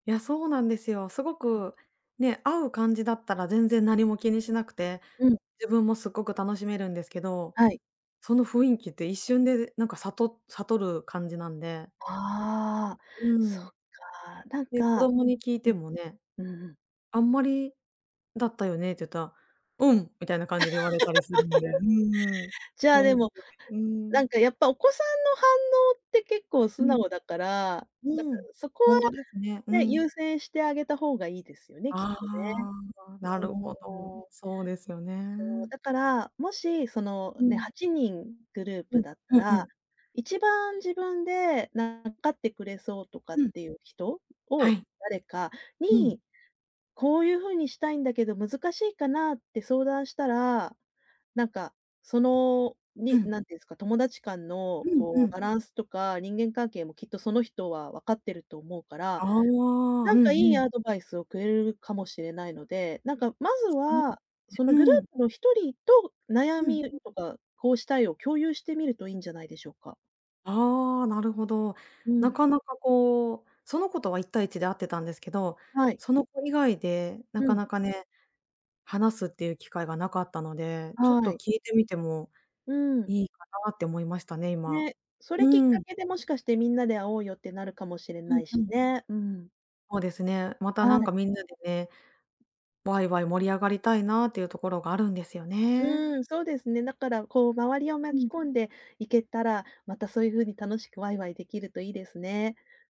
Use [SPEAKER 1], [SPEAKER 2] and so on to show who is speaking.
[SPEAKER 1] いや、そうなんですよ。すご
[SPEAKER 2] うん。
[SPEAKER 1] くね、合う感じだったら全然何も気にしなくて、
[SPEAKER 2] うん。
[SPEAKER 1] 自分もすっごく楽しめるんですけど、
[SPEAKER 2] はい。
[SPEAKER 1] その雰囲気って一瞬でなんか悟悟る感じなんで。
[SPEAKER 2] ああ、
[SPEAKER 1] う
[SPEAKER 2] そ
[SPEAKER 1] ん。
[SPEAKER 2] っか、なん
[SPEAKER 1] で、子
[SPEAKER 2] か
[SPEAKER 1] 供に聞い
[SPEAKER 2] う
[SPEAKER 1] て
[SPEAKER 2] ん、
[SPEAKER 1] もね
[SPEAKER 2] うん。
[SPEAKER 1] 「あんまりだったよね」って言ったら、「う ん」みたいな感じで言われたりするんで。うーん。
[SPEAKER 2] じゃあ、
[SPEAKER 1] ほ
[SPEAKER 2] で
[SPEAKER 1] んと
[SPEAKER 2] も、
[SPEAKER 1] に、うー
[SPEAKER 2] なん
[SPEAKER 1] ん。
[SPEAKER 2] かやっぱお子さんの反応って結構
[SPEAKER 1] う
[SPEAKER 2] 素
[SPEAKER 1] ん。
[SPEAKER 2] 直だから、なんか
[SPEAKER 1] うん。
[SPEAKER 2] そこ
[SPEAKER 1] ほ
[SPEAKER 2] は
[SPEAKER 1] んとですね。う
[SPEAKER 2] ね、
[SPEAKER 1] ん。
[SPEAKER 2] 優先してあげた方がいいですよね、きっ
[SPEAKER 1] あ
[SPEAKER 2] とね。
[SPEAKER 1] あ、なるほ
[SPEAKER 2] うーん。
[SPEAKER 1] ど。そうですよ
[SPEAKER 2] そう、
[SPEAKER 1] ね。
[SPEAKER 2] だから、もし、その、
[SPEAKER 1] う
[SPEAKER 2] ね、
[SPEAKER 1] ん。
[SPEAKER 2] 8人グルー
[SPEAKER 1] う
[SPEAKER 2] プ
[SPEAKER 1] ん、
[SPEAKER 2] だった
[SPEAKER 1] うんう
[SPEAKER 2] ら、
[SPEAKER 1] ん。
[SPEAKER 2] 一番自分で、なん、わかってくれそうとかっ
[SPEAKER 1] うん。
[SPEAKER 2] ていう人
[SPEAKER 1] は
[SPEAKER 2] を
[SPEAKER 1] い。
[SPEAKER 2] 誰か
[SPEAKER 1] うん。
[SPEAKER 2] に、「こういう風にしたいんだけど、難しいかな？」って相談したら、なんか、その、
[SPEAKER 1] う
[SPEAKER 2] に
[SPEAKER 1] ん。
[SPEAKER 2] なんていうんですか、友達間の
[SPEAKER 1] うんう
[SPEAKER 2] こ
[SPEAKER 1] ん。
[SPEAKER 2] うバランスとか、人間関係もきっとその人はわかってると思うか
[SPEAKER 1] あ
[SPEAKER 2] ら、
[SPEAKER 1] あ、う
[SPEAKER 2] な
[SPEAKER 1] ん
[SPEAKER 2] ん
[SPEAKER 1] う
[SPEAKER 2] かいい
[SPEAKER 1] ん。
[SPEAKER 2] アドバイスをくれるかもしれないので、なんかまず
[SPEAKER 1] そ、うん、ね、
[SPEAKER 2] は、そのグル
[SPEAKER 1] うーん。
[SPEAKER 2] ープの1人と悩
[SPEAKER 1] うん、
[SPEAKER 2] み
[SPEAKER 1] う。
[SPEAKER 2] とか、こうしたいを共有してみるといいんじゃないでしょうか。
[SPEAKER 1] ああ、なるほど。
[SPEAKER 2] う
[SPEAKER 1] な
[SPEAKER 2] ん。
[SPEAKER 1] かなかこう、その子とは1対1で会ってたんですけど、
[SPEAKER 2] はい。
[SPEAKER 1] その子以外で
[SPEAKER 2] う
[SPEAKER 1] なか
[SPEAKER 2] ん。
[SPEAKER 1] なかね。話すっていう機会がなかったので、ちょっ
[SPEAKER 2] は
[SPEAKER 1] と
[SPEAKER 2] い。
[SPEAKER 1] 聞いてみても
[SPEAKER 2] うん。
[SPEAKER 1] いいかなって思いましたね、今。
[SPEAKER 2] ね、それきっ
[SPEAKER 1] う
[SPEAKER 2] か
[SPEAKER 1] ん。
[SPEAKER 2] けで、もしかしてみんなで会おうよってなるかもしれ
[SPEAKER 1] う
[SPEAKER 2] な
[SPEAKER 1] ん
[SPEAKER 2] い
[SPEAKER 1] う
[SPEAKER 2] し
[SPEAKER 1] ん。
[SPEAKER 2] ね。うん。
[SPEAKER 1] そうですね。また
[SPEAKER 2] は
[SPEAKER 1] な
[SPEAKER 2] い。
[SPEAKER 1] んかみんなでね、わいわい盛り上がりたいなっていうところがあるんですよね。
[SPEAKER 2] うーん、そうですね。だからこう周りを
[SPEAKER 1] う
[SPEAKER 2] 巻き
[SPEAKER 1] ん。
[SPEAKER 2] 込んでいけたら、またそういう風に楽しくわいわいできるといいですね。